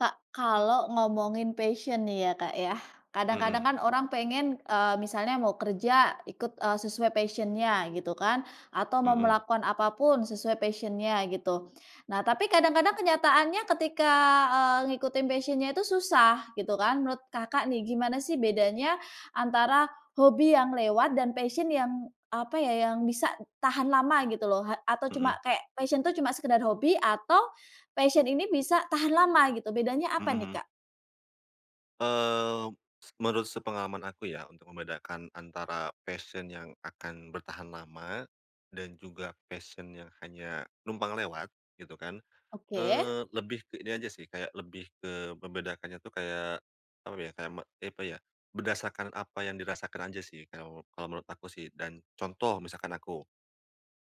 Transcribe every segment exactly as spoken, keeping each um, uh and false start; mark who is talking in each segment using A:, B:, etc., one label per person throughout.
A: Kak, kalau ngomongin passion nih ya, Kak, yah, kadang-kadang
B: Mhm.
A: kan orang pengen, eee, misalnya mau kerja ikut, eee, sesuai passion-nya gitu kan. Atau mau
B: Mhm.
A: melakukan apapun sesuai passion-nya gitu, nah tapi kadang-kadang kenyataannya ketika, eee, ngikutin passion-nya itu susah gitu kan. Menurut Kakak nih gimana sih bedanya antara hobi yang lewat dan passion yang apa ya, yang bisa tahan lama gitu loh, ha atau cuma
B: Mhm.
A: kayak passion itu cuma sekedar hobi atau passion ini bisa tahan lama gitu, bedanya apa
B: Mhm
A: nih,
B: mhm.
A: Kak?
B: Eee, se menurut sepengalaman aku ya untuk membedakan antara passion yang akan bertahan lama dan juga passion yang hanya numpang lewat gitu kan.
A: Oke.
B: Eee, lebih ke ini aja sih, kayak lebih ke membedakannya tuh kayak apa ya kayak me apa ya, kayak berdasarkan apa yang dirasakan aja sih kao kalau menurut aku sih. Dan contoh misalkan aku,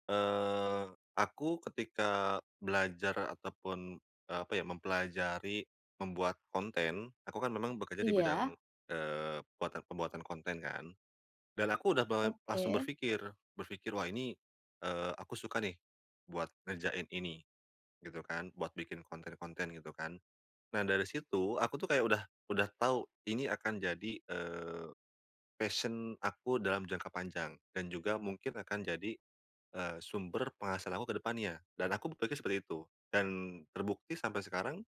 B: eee, aku ketika belajar ataupun eee, apa ya mempelajari membuat konten aku kan memang bekerja di bidang,
A: Iya.
B: eee, puatan pembuatan konten kan. Dan aku udah be langsung
A: Oke.
B: berfikir. Berfikir, "Wah ini, eee, aku suka nih buat ngerjain ini," gitu kan buat bikin konten-konten gitu kan. Nah dari situ aku tuh kayak udah udah tahu ini akan jadi, eee, passion aku dalam jangka panjang dan juga mungkin akan jadi, eee, sumber penghasilan aku ke depannya. Dan aku berpikir seperti itu dan terbukti sampai sekarang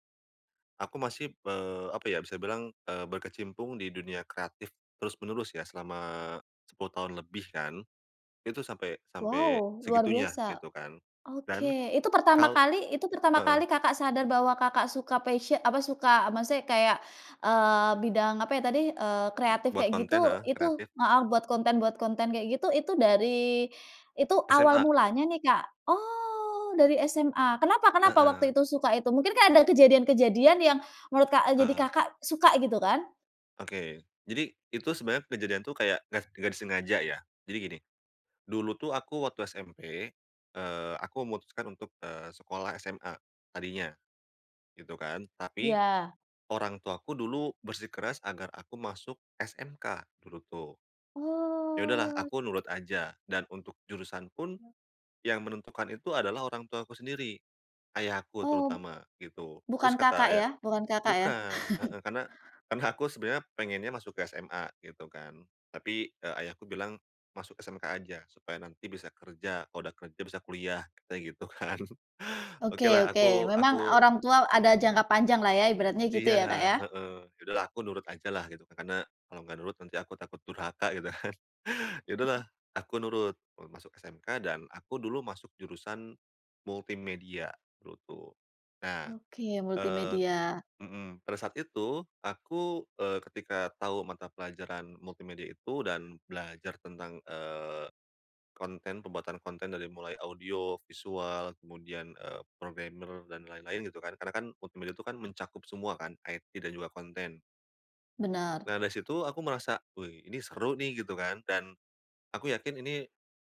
B: aku masih, eee, apa ya bisa dibilang eee, berkecimpung di dunia kreatif terus-menerus ya selama sepuluh tahun lebih kan, itu sampai sampai
A: Wow, luar
B: segitunya
A: biasa.
B: gitu kan.
A: Oke
B: Dan
A: itu pertama
B: kalo
A: kali itu pertama
B: heeh.
A: kali Kakak sadar bahwa Kakak suka passio apa suka maksudnya kayak, eee, bidang apa ya tadi, eee, kreatif
B: Buat
A: kayak gitu
B: konten, heeh,
A: itu
B: kreatif.
A: heeh, buat konten buat konten kayak gitu itu dari itu awal
B: SMA.
A: mulanya nih, Kak. Oh, dari SMA kenapa kenapa
B: Heeh.
A: waktu itu suka itu mungkin kayak ada kejadian-kejadian yang menurut, Kak eee, jadi
B: Heeh.
A: Kakak suka gitu kan?
B: Oke, jadi itu sebenarnya kejadian tuh kayak gas enggak disengaja ya. Jadi gini, dulu tuh aku waktu SMP, eee, aku memutuskan untuk, eee, sekolah SMA tadinya gitu kan. Tapi
A: Iya.
B: orang tuaku dulu bersikeras agar aku masuk SMK dulu tuh. Ya udah lah
A: Oh.
B: aku nurut aja dan untuk jurusan pun
A: E
B: yang menentukan itu adalah orang tuaku sendiri, ayahku
A: Ob
B: terutama gitu.
A: bukan
B: Terus
A: Kakak
B: kata
A: ya?
B: ayah
A: Bukan Kakak ya?
B: bukan, heeh, karena karena aku sebenarnya pengennya masuk SMA gitu kan tapi, eee, ayahku bilang, "Masuk SMK aja supaya nanti bisa kerja, kalo dah kerja bisa kuliah" katanya gitu kan.
A: Oke
B: Oke lah
A: oke
B: aku
A: memang
B: aku
A: orang tua ada jangka panjang lah ya ibaratnya gitu
B: Iya,
A: ya, Kak, ya?
B: he heeh, ya udah lah aku nurut aja lah gitu karena kalau nggak nurut nanti aku takut durhaka gitu kan. Ya udah lah aku nurut, eee, masuk SMK dan aku dulu masuk jurusan multimedia dulu tuh. Nah,
A: Oke,
B: eee
A: multimedia.
B: mhm, pada saat itu aku, eee, ketika tahu mata pelajaran multimedia itu dan belajar tentang, eee, konten pembuatan konten dari mulai audio, visual, kemudian, eee, programmer dan lain-lain gitu kan. Karena kan multimedia itu kan mencakup semua kan, IT dan juga konten.
A: Bener.
B: Nah dari situ aku merasa, "Wih, ini seru nih," gitu kan. Dan aku yakin ini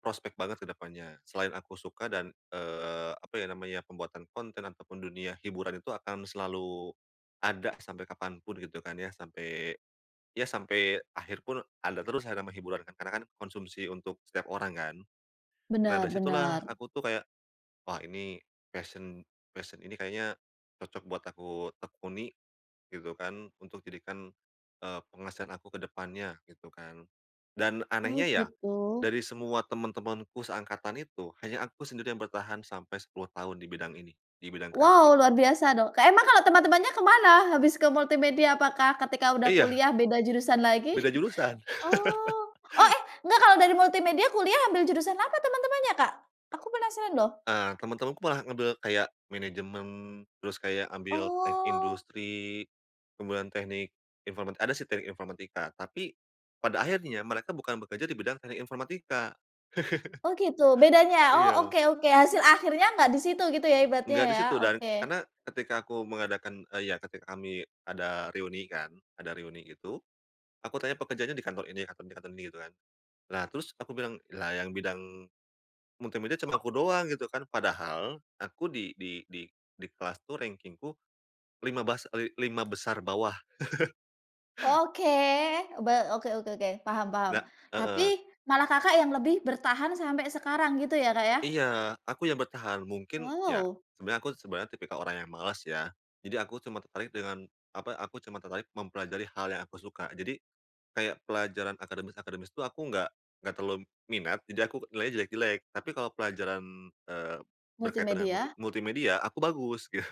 B: prospek banget ke depannya selain aku suka dan, eee, apa ya namanya pembuatan konten atau pun dunia hiburan itu akan selalu ada sampai kapan pun gitu kan ya sampai ya sampai akhir pun ada terus hadama hiburan kan, karena konsumsi untuk setiap orang kan. Nah dari
A: Bener
B: situlah
A: bener.
B: aku tuh kayak, "Wah ini, passion passion ini kayaknya cocok buat aku tekuni," gitu kan "untuk jadikan, eee, penghasilan aku ke depannya," gitu kan. Dan
A: Oh
B: anehnya ya
A: gitu.
B: dari semua teman-temanku seangkatan itu, hanya aku sendiri yang bertahan sampai sepuluh tahun di bidang ini, di bidang kreatif.
A: Wow, luar biasa dong. Kak, emang kalo teman-temannya kemana habis ke multimedia, apakah ketika udah
B: Iya.
A: kuliah beda jurusan lagi?
B: Beda jurusan.
A: Oh, oh eh nggak kalau dari multimedia kuliah ambil jurusan apa teman-temannya, Kak? Aku penasaran loh.
B: Eee, teman-temanku malah ngambil kayak, manajemen, terus kayak ambil teknik
A: Oh.
B: industri, kemudian teknik informatik ada sih teknik informatika. Tapi pada akhirnya mereka bukan bekerja di bidang teknik informatika.
A: Oh gitu, bedanya? Oh
B: Iya.
A: oke oke hasil akhirnya nggak di situ gitu ya ibatnya
B: Nggak di
A: ya,
B: situ, dan
A: oke.
B: karena ketika aku mengadakan eee, ya ketika kami ada reuni kan, ada reuni itu, aku tanya pekerjaannya di kantor ini, kantor ini, kantor ini, gitu kan. Nah terus aku bilang, "Lah yang bidang multimedia cuma aku doang," gitu kan. Padahal aku di di di di kelas tuh rankingku lima bas eee, li lima besar bawah.
A: Oke, be oke oke oke, paham paham.
B: Enggak,
A: Tapi
B: heeh.
A: malah Kakak yang lebih bertahan sampai sekarang gitu ya, Kak, ya?
B: Iya aku yang bertahan, mungkin ya
A: Wow!
B: sebenarnya aku sebenarnya tipikal orang yang malas ya, jadi aku cuma tertarik dengan apa, aku cuma tertarik mempelajari hal yang aku suka. Jadi kayak pelajaran akademis-akademis tuh aku nggak nggak terlalu minat, jadi aku nilainya jelek-jelek. Tapi kalau pelajaran, eee, berkaitan dengan mult
A: Multimedia.
B: multimedia aku bagus, gitu.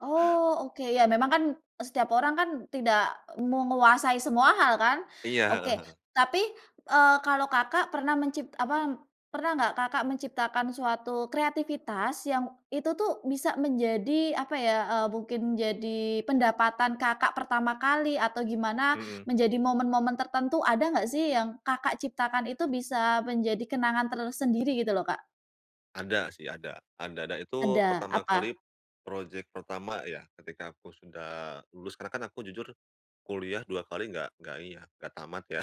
A: Oh oke, ya memang kan setiap orang kan tidak menguasai semua hal kan.
B: Iya, heeh
A: Oke
B: heeh.
A: tapi, eee, kalau Kakak pernah mencip apa pernah nggak Kakak menciptakan suatu kreativitas yang itu tuh bisa menjadi apa ya, eee, mungkin jadi pendapatan Kakak pertama kali atau gimana
B: Mhm.
A: menjadi momen-momen tertentu ada nggak sih yang Kakak ciptakan itu bisa menjadi kenangan tersendiri gitu loh, Kak?
B: Ada sih, ada ada dan itu
A: Ada,
B: pertama kali
A: apa?
B: project pertama ya ketika aku sudah lulus karena kan aku jujur kuliah dua kali nggak nggak iya nggak tamat ya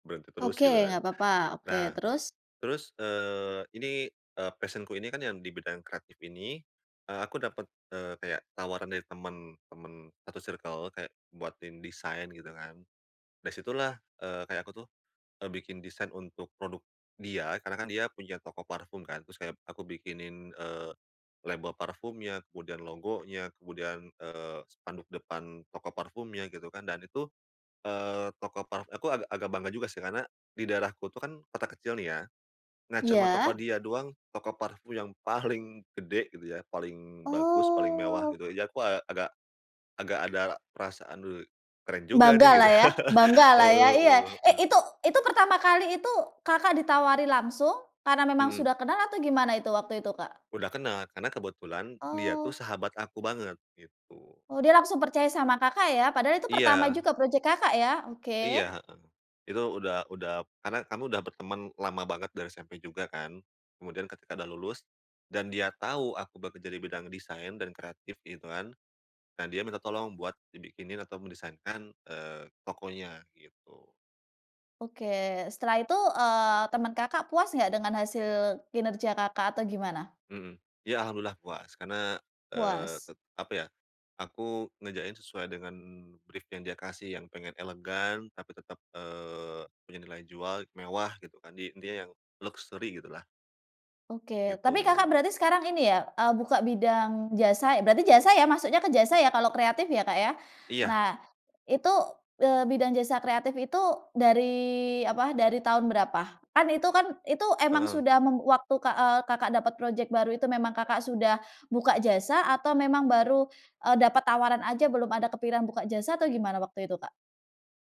B: berhenti terus
A: Oke,
B: gitu kan.
A: nggak papa. Oke
B: Nah
A: terus?
B: terus, eee, ini, eee, passion-ku ini kan yang dibidang kreatif ini, eee, aku dapat, eee, kayak tawaran dari temen temen satu circle kayak buatin desain gitu kan. Dari situlah, eee, kayak aku tuh, eee, bikin desain untuk produk dia karena kan dia punya toko parfum kan, terus kayak aku bikinin, eee, label parfumnya, kemudian logonya kemudian, eee, spanduk depan toko parfumnya gitu kan. Dan itu, eee, toko parfum aku agak agak bangga juga sih, karena di daerahku tuh kan kota kecil nih ya, nah cema toko
A: Iya.
B: dia doang toko parfum yang paling gede gitu ya, paling bagus paling mewah
A: Oh.
B: gitu ya, jadi aku a agak agak ada perasaan, "Wih, keren juga nih,"
A: Banggalah
B: gitu.
A: ya banggalah ya.
B: Heeh
A: Iya,
B: heeh
A: eh
B: heeh.
A: itu itu pertama kali itu Kakak ditawari langsung karena memang
B: Mhm.
A: sudah kenal atau gimana itu waktu itu, Kak?
B: Udah kena, karena kebetulan dia tuh
A: Oh.
B: sahabat aku banget gitu.
A: Oh dia langsung percaya sama Kakak ya padahal itu pertama
B: Iya.
A: juga project Kakak ya, oke.
B: Iya, heeh. Itu udah udah karena kamu udah berteman lama banget dari SMP juga kan kemudian ketika dah lulus, dan dia tau aku bekerja di bidang desain dan kreatif gitu kan. Nah dia minta tolong buat dibikinin atau mendesainkan, eee, tokonya gitu.
A: Oke, setelah itu, eee, teman Kakak puas nggak dengan hasil kinerja Kakak, atau gimana?
B: Mhm, ya alhamdulillah puas. Karena, eee,
A: Puas.
B: ke apa ya, aku ngerjain sesuai dengan brief yang dia kasih yang pengen elegan tapi tetap, eee, punya nilai jual mewah gitu kan di dia yang luxury gitulah.
A: Oke, tapi Kakak
B: Gitu.
A: berarti sekarang ini ya, eee, buka bidang jasa, e berarti jasa ya masuknya ke jasa ya kalau kreatif, ya, Kak, ya?
B: Iya.
A: Nah itu, eee, bidang jasa kreatif itu dari apa dari tahun berapa? Kan itu kan, itu emang
B: Heeh.
A: sudah mem waktu, Kak, eee, Kakak dapat project baru itu memang Kakak sudah buka jasa atau memang baru, eee, dapat tawaran aja belum ada kepiran buka jasa atau gimana waktu itu, Kak?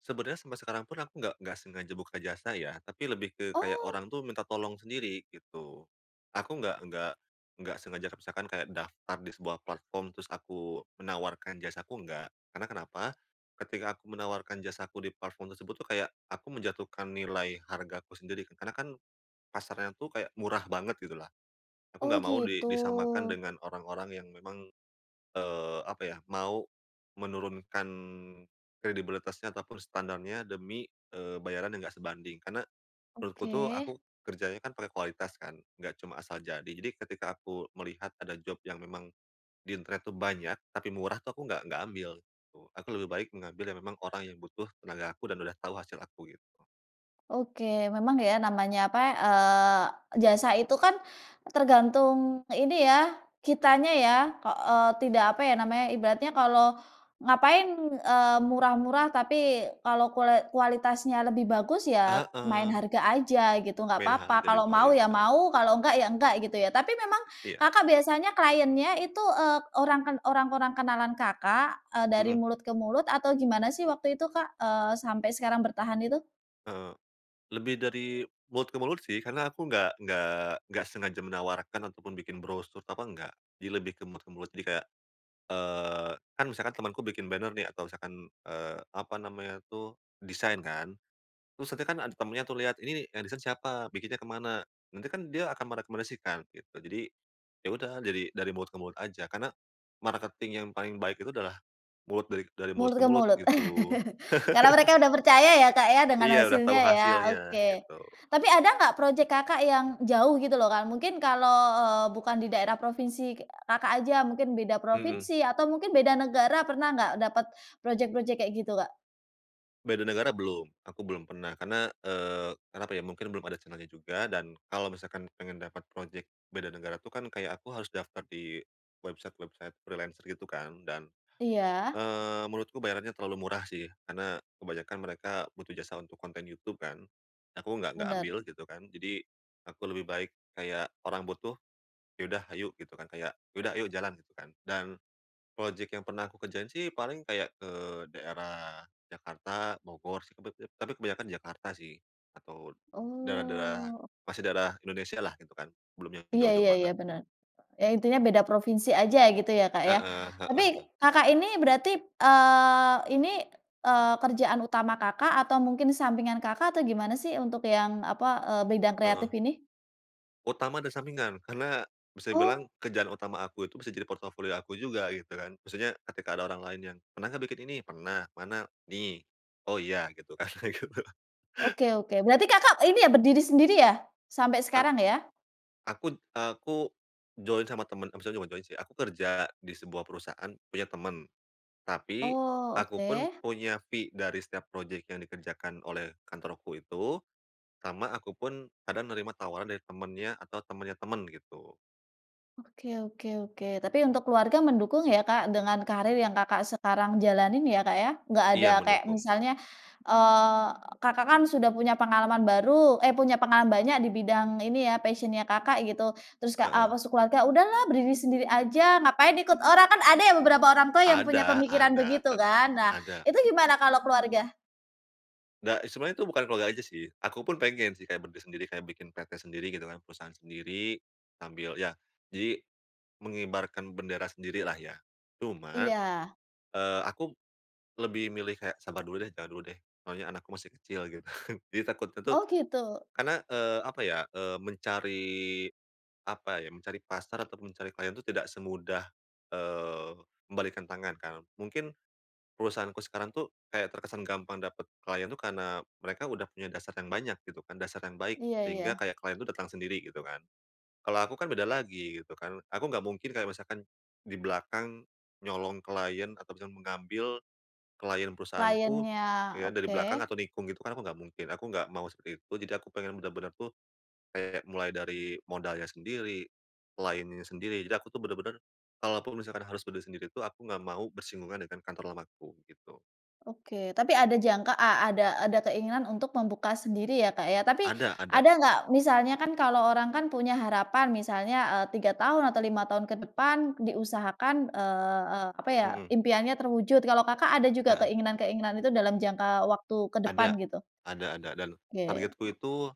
B: Sebenarnya sampai sekarang pun aku nggak nggak sengaja buka jasa ya, tapi lebih ke kayak
A: Oh.
B: orang tuh minta tolong sendiri gitu. Aku nggak nggak nggak sengaja kek misalkan kayak daftar di sebuah platform terus aku menawarkan jasaku nggak. Karena kenapa, ketika aku menawarkan jasaku di platform tersebut tuh kayak aku menjatuhkan nilai hargaku sendiri karena kan pasarnya tuh kayak murah banget gitulah. Aku
A: Oh
B: nggak mau di
A: gitu.
B: disamakan dengan orang-orang yang memang, eee, apa ya mau menurunkan kredibilitasnya ataupun standarnya demi, eee, bayaran yang nggak sebanding. Karena menurutku tuh
A: Oke.
B: aku kerjanya kan pakai kualitas kan, nggak cuma asal jadi. Jadi ketika aku melihat ada job yang memang di internet tuh banyak tapi murah tuh aku nggak nggak ambil gitu. Aku lebih baik mengambil yang memang orang yang butuh tenaga aku, dan udah tahu hasil aku gitu.
A: Oke, memang ya namanya apa ya, eee, jasa itu kan tergantung ini ya kitanya ya ke eee, tidak apa ya namanya ibaratnya kalau ngapain, eee, murah-murah tapi kalau kule kualitasnya lebih bagus ya main
B: Heeh.
A: harga aja gitu. Nggak
B: Main
A: papa
B: harga di
A: kalau mau ya
B: kualitas.
A: mau, kalau nggak ya nggak, gitu ya. Tapi memang
B: Iya.
A: Kakak biasanya client-nya itu, eee, orang ken orang-orang kenalan Kakak, eee, dari
B: Mhm.
A: mulut ke mulut atau gimana sih waktu itu, Kak, eee, sampai sekarang bertahan itu?
B: Heeh, lebih dari mulut ke mulut sih karena aku nggak nggak nggak sengaja menawarkan ataupun bikin brosur apa nggak, di lebih ke mulut ke mulut. Jadi kayak, eee, kan misalkan temanku bikin banner nih atau misalkan, eee, apa namanya tuh desain kan, terus nanti kan ada temannya tuh lihat, "Ini nih yang desain siapa, bikinnya kemana?" Nanti kan dia akan merekomendasikan gitu. Jadi ya udah dari dari mulut ke mulut aja, karena marketing yang paling baik itu adalah mulut dari dari mulut
A: Mulut
B: ke
A: ke
B: mulut,
A: mulut,
B: gitu.
A: karena mereka udah percaya ya, Kak, ya, dengan
B: Iya udah
A: hasilnya
B: tahu
A: ya,
B: hasilnya,
A: oke.
B: gitu.
A: Tapi ada nggak project Kakak yang jauh gitu loh, Kak, mungkin kalau, eee, bukan di daerah provinsi k Kakak aja mungkin beda
B: Mhm.
A: provinsi, atau mungkin beda negara, pernah nggak dapat project-project kayak gitu, Kak?
B: Beda negara belum, aku belum pernah karena, eee, karena apa ya mungkin belum ada channel-nya juga dan kalau misalkan pengen dapat project beda negara tuh kan kayak aku harus daftar di website-website freelancer gitu kan. Dan,
A: Iya.
B: eee, menurutku bayarannya terlalu murah sih karena kebanyakan mereka butuh jasa untuk konten YouTube kan, aku nggak nggak
A: Bener.
B: ambil gitu kan. Jadi aku lebih baik kayak orang butuh ya udah ayo gitu kan, kayak ya udah ayo jalan gitu kan. Dan project yang pernah aku kerjain sih paling kayak ke daerah Jakarta, Bogor sih kebeb be tapi kebanyakan di Jakarta sih atau daerah-daerah
A: Oh.
B: masih daerah Indonesia lah gitu kan belum yang
A: Iya
B: jauh-jauh
A: iya
B: banget.
A: iya bener. Ya intinya beda provinsi aja ya gitu ya, Kak, ya.
B: Heeh heeh
A: Tapi
B: heeh.
A: Kakak ini berarti, p eee, ini, eee, kerjaan utama Kakak atau mungkin sampingan Kakak, atau gimana sih untuk yang apa, eee, bidang kreatif
B: Heeh.
A: ini?
B: Utama dan sampingan, karena bisa dibilang
A: Oh.
B: kerjaan utama aku itu bisa jadi portofolio aku juga gitu kan maksudnya ketika ada orang lain yang, "Pernah nggak bikin ini?" "Pernah," "mana?" "Nih." "Oh, iya," gitu kan kayak gitu.
A: Oke oke, berarti Kakak ini ya berdiri sendiri ya sampai
B: Ak
A: sekarang ya?
B: akut aku join sama teman, maksudnya bukan join sih aku kerja di sebuah perusahaan punya temen. Tapi
A: Oh,
B: aku pun
A: oke.
B: punya fee dari setiap project yang dikerjakan oleh kantorku itu, sama aku pun ada nerima tawaran dari temennya atau temennya temen gitu.
A: Oke oke oke. Tapi untuk keluarga mendukung ya, Kak, dengan karir yang Kakak sekarang jalanin ya, Kak, ya? Nggak ada
B: Iya,
A: kayak
B: mendukung.
A: misalnya, eee, Kakak kan sudah punya pengalaman baru eh punya pengalaman banyak di bidang ini ya passion-nya Kakak gitu. Terus, Kak, eee,
B: Heeh.
A: masuk keluarga, "Udah lah berdiri sendiri aja ngapain ikut orang?" Kan ada yang beberapa orang tua yang punya
B: Ada
A: pemikiran
B: ada,
A: begitu
B: tap
A: kan. Nah
B: ada.
A: itu gimana kalau keluarga?
B: Nggak, sebenarnya itu bukan keluarga aja sih, aku pun pengen sih kayak berdiri, sendiri kayak bikin PT sendiri gitu kan perusahaan sendiri, sambil ya jadi mengibarkan bendera sendirilah ya. Cuma,
A: Iya.
B: eee, aku b lebih milih kayak sabar dulu deh, jangan dulu deh, soalnya anakku masih kecil gitu, kan. Jadi takutnya tuh
A: Oh gitu.
B: karena, eee, apa ya, eee, mencari apa ya mencari pasar atau mencari klien itu tidak semudah, eee, membalikkan tangan kan, mungkin perusahaanku sekarang tuh kayak terkesan gampang dapat client tuh karena mereka udah punya dasar yang banyak gitu kan, dasar yang baik
A: Iya
B: sehingga
A: iya.
B: kayak client itu datang sendiri gitu kan. Kalau aku kan beda lagi gitu kan, aku nggak mungkin kayak misalkan di belakang nyolong client atau bisa mengambil client perusahaanku
A: Client-nya
B: ya dari belakang
A: oke.
B: atau nikung gitu kan aku nggak mungkin. Aku nggak mau seperti itu jadi aku pengen benar-benar tuh kayak mulai dari modalnya sendiri, client-nya sendiri jadi aku tuh benar-benar kalaupun misalkan harus berdiri sendiri tuh aku nggak mau bersinggungan dengan kantor lamaku gitu.
A: Oke, tapi ada jangka a ada ada keinginan untuk membuka sendiri ya, Kak, ya, tapi
B: Ada ada.
A: ada nggak misalnya kan kalau orang kan punya harapan misalnya, eee, tiga tahun atau lima tahun ke depan diusahakan, eee eee, apa ya
B: Mhm.
A: impiannya terwujud. Kalau Kakak ada juga
B: Heeh.
A: keinginan-keinginan itu dalam jangka waktu ke depan
B: Ada,
A: gitu?
B: ada ada dan
A: Oke.
B: targetku itu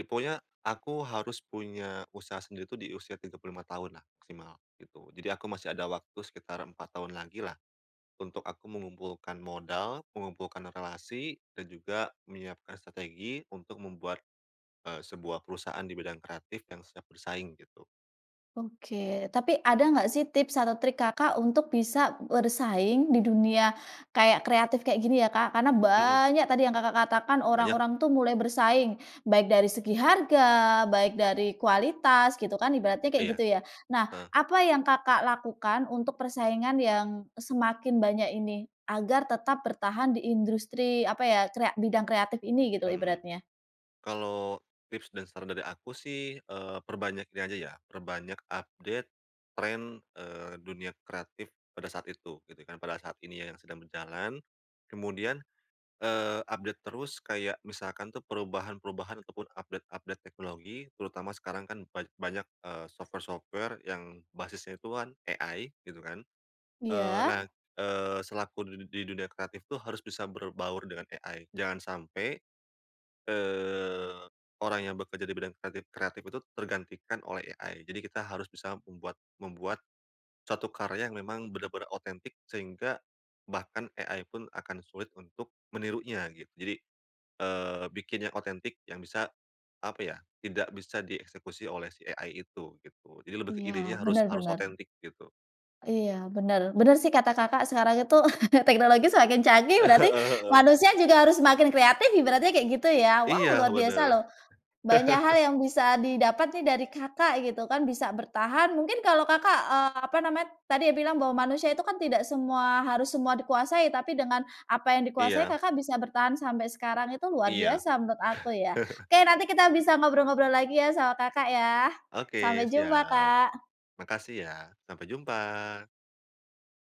B: li ponya aku harus punya usaha sendiri tuh di usia tiga puluh lima tahun lah maksimal gitu. Jadi aku masih ada waktu sekitar empat tahun lagi lah untuk aku mengumpulkan modal mengumpulkan relasi dan juga menyiapkan strategi untuk membuat, eee, sebuah perusahaan di bidang kreatif yang siap bersaing gitu.
A: Oke, tapi ada nggak sih tips atau trik Kakak untuk bisa bersaing di dunia kayak kreatif kayak gini, ya, Kak? Karena
B: Mhm.
A: banyak tadi yang Kakak katakan
B: Banyak.
A: orang-orang tuh mulai bersaing, baik dari segi harga, baik dari kualitas gitu kan ibaratnya kayak
B: Iya,
A: gitu ya. Nah,
B: heeh.
A: apa yang Kakak lakukan untuk persaingan yang, e semakin banyak ini, agar tetap bertahan di indrustri apa ya, krea bidang kreatif ini gitu
B: Mhm.
A: ibaratnya?
B: Kalau tips dan saran dari aku sih, eee, perbanyak ini aja ya perbanyak update tren, eee, dunia kreatif pada saat itu gitu kan. Pada saat ini ya yang sedang berjalan kemudian, eee, update terus kayak misalkan tuh perubahan-perubahan atau pun update-update teknologi terutama sekarang kan ban banyak, eee, software-software yang basisnya itu kan AI gitu kan. Eee, nah,
A: Iya.
B: eee, selaku di di dunia kreatif tuh harus bisa berbaur dengan AI jangan sampai, eee, orang yang bekerja di bidang kreatif-kreatif itu tergantikan oleh AI. Jadi kita harus bisa membuat membuat suatu karya yang memang benar-benar otentik sehingga bahkan AI pun akan sulit untuk menirunya gitu. Jadi, eee, bikin yang otentik yang bisa apa ya tidak bisa dieksekusi oleh si AI itu gitu jadi lebih ke
A: Iya,
B: idenya harus
A: bener
B: harus
A: bener.
B: otentik gitu.
A: Iya, bener bener sih kata Kakak sekarang itu teknologi semakin canggih
B: Heeh
A: berarti
B: heeh.
A: manusia juga harus semakin kreatif ibaratnya kayak gitu ya. Wow,
B: Iya
A: luar biasa
B: bener.
A: loh, banyak hal yang bisa didapat nih dari Kakak gitu kan, bisa bertahan mungkin kalau Kakak, eee, apa namanya tadi bilang bahwa manusia itu kan tidak semua harus semua dikuasai tapi dengan apa yang dikuasai
B: Iya.
A: Kakak bisa bertahan sampai sekarang, itu luar
B: Iya.
A: biasa menurut aku ya. Oke, nanti kita bisa ngobrol-ngobrol lagi ya sama Kakak ya.
B: Oke
A: Sampai jumpa,
B: siap.
A: Kak.
B: Makasih ya, sampai jumpa.